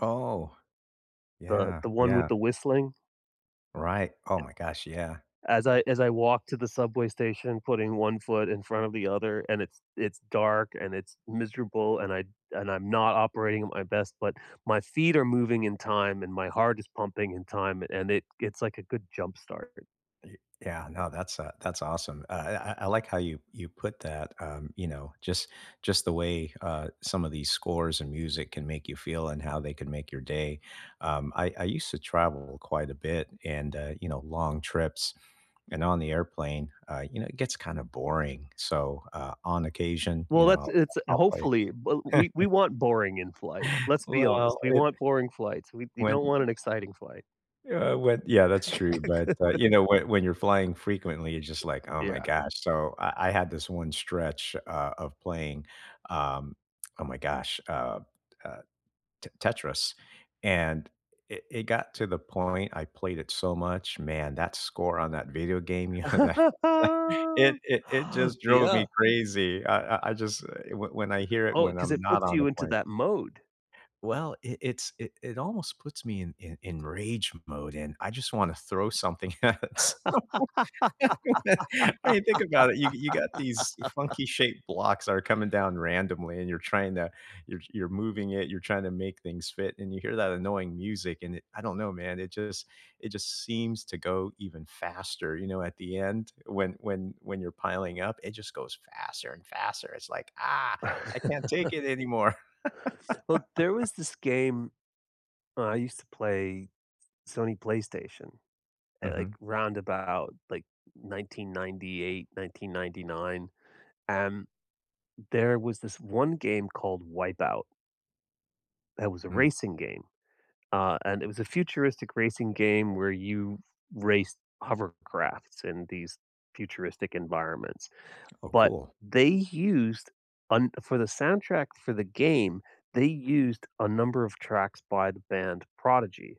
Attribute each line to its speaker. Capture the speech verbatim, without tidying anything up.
Speaker 1: Oh,
Speaker 2: The
Speaker 1: yeah,
Speaker 2: the one with
Speaker 1: yeah.
Speaker 2: the whistling?
Speaker 1: Right, oh my gosh, yeah.
Speaker 2: As I as I walk to the subway station, putting one foot in front of the other, and it's it's dark and it's miserable, and I and I'm not operating at my best, but my feet are moving in time and my heart is pumping in time and it it's like a good jumpstart
Speaker 1: Ye yeah, no, that's, uh, that's awesome. I I I I like how you you put that, um you know, just just the way, uh, some of these scores and music can make you feel and how they can make your day. Um, I I used to travel quite a bit, and, uh, you know, long trips, and on the airplane, uh, you know, it gets kinda boring, so, uh, on occasion, you
Speaker 2: Well,
Speaker 1: know,
Speaker 2: that's
Speaker 1: I'll
Speaker 2: it's
Speaker 1: I'll play
Speaker 2: hopefully, but we we want boring in flight. Let's be honest,
Speaker 1: Well,
Speaker 2: we
Speaker 1: it
Speaker 2: want boring flights, we we
Speaker 1: when
Speaker 2: don't want an exciting flight.
Speaker 1: uh, when yeah, that's true, but, uh, you know, when when you're flying frequently, it's just like, "Oh my
Speaker 2: Yeah.
Speaker 1: gosh," so I I had this one stretch, uh, of playing, um, oh my gosh, uh, uh, T Tetris, and it it got to the point I played it so much, man, that score on that video game, you know, that it it, it just drove
Speaker 2: Yeah.
Speaker 1: me crazy, I I I just when I hear it
Speaker 2: Oh,
Speaker 1: when
Speaker 2: 'cause
Speaker 1: I'm
Speaker 2: it
Speaker 1: not
Speaker 2: puts
Speaker 1: on the
Speaker 2: you into
Speaker 1: plane
Speaker 2: that mode.
Speaker 1: Well, it it's it it almost puts me in in in rage mode, and I just wanna throw something at it. So [unintelligible] I mean, think about it, you you got these funky shaped blocks that are coming down randomly, and you're trying to you're you're moving it, you're trying to make things fit, and you hear that annoying music, and it I don't know, man, it just it just seems to go even faster, you know, at the end, when when when you're piling up, it just goes faster and faster, it's like, "Ah, I can't take it anymore."
Speaker 2: Well, there was this game I used to play, Sony PlayStation, eh, like,
Speaker 1: Mhm.
Speaker 2: 'round about, like, nineteen ninety-eight, nineteen ninety-nine, and there was this one game called Wipeout. It was a
Speaker 1: Mm.
Speaker 2: racing game, uh, and it was a futuristic racing game where you race hovercrafts in these futuristic environments,
Speaker 1: Oh,
Speaker 2: but
Speaker 1: cool.
Speaker 2: they used un for the soundtrack for the game, they used a number of tracks by the band Prodigy.